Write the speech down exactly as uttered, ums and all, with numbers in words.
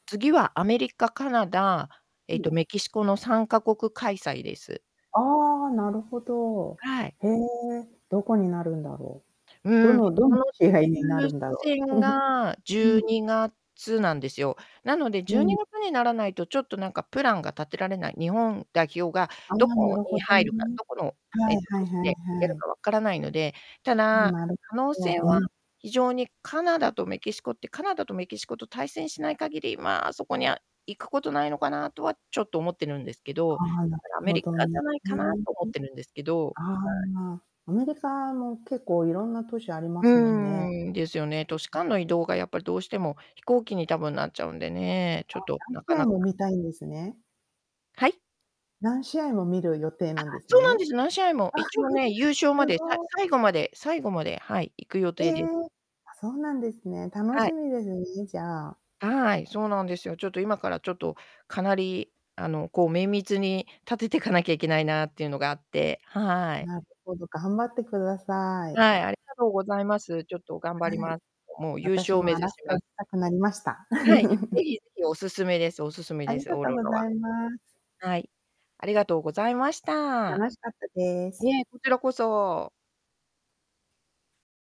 次はアメリカ、カナダ、うえっん。とメキシコのさんかこく開催です。ああ、なるほど。はい。へえ、どこになるんだろう。どうん、のどそんの試合になる抽んだろ選が、じう？うゅうん。にがつなんですよ。なので、うじゅうにん。がつにならないと、ちょっと、なんか、プランが立てられない。日本代表があどあ、なこるほにど入るか、ね。どこの、えはっいと、は都い市はでやいはるい。か分からないので。たあ、だ、なる可能ほ性ど。うは、ん。非常にカナダとメキシコって、カナダとメキシコと対戦しない限り、まあ、そこには行くことないのかなとはちょっと思ってるんですけど、はあ、なだるからアメほリどカじね。ゃないかなう。と思ってるんですけど。はあい。あ、アメリカも結構いろんな都市ありまうすもんね。ーん、ですよね。都市うん。間の移動がやっぱりどうしても、飛行機に多分なっちゃうんでね、あ、ちょっと何なか試な合か。も見たいんですね。はい？何試合も見る予定あ、なんですそうなんね。です。何試合も。一応ね、優勝 ますで、さごい。最後まで最後まで、はい、行く予え定え！であ、そうなんですね。楽はしい。みですね、じゃあ。はい、そうなんですよ。ちょっと今からちょっとかなり、あの、こう、綿密に立ててかなきゃいけないなっていうのがあってはい。なるほど、頑張ってください。はい、ありがとうございます。ちょっと頑張りはい、ます。もう優私勝も目ア指ラしスカま行す。きたくなりました。はい、ぜ ひぜひ、お勧めですお勧めあでりす、がオーとロごラざは。います。はい。ありがとうございました。楽しかったでいす。え、こちらこそ。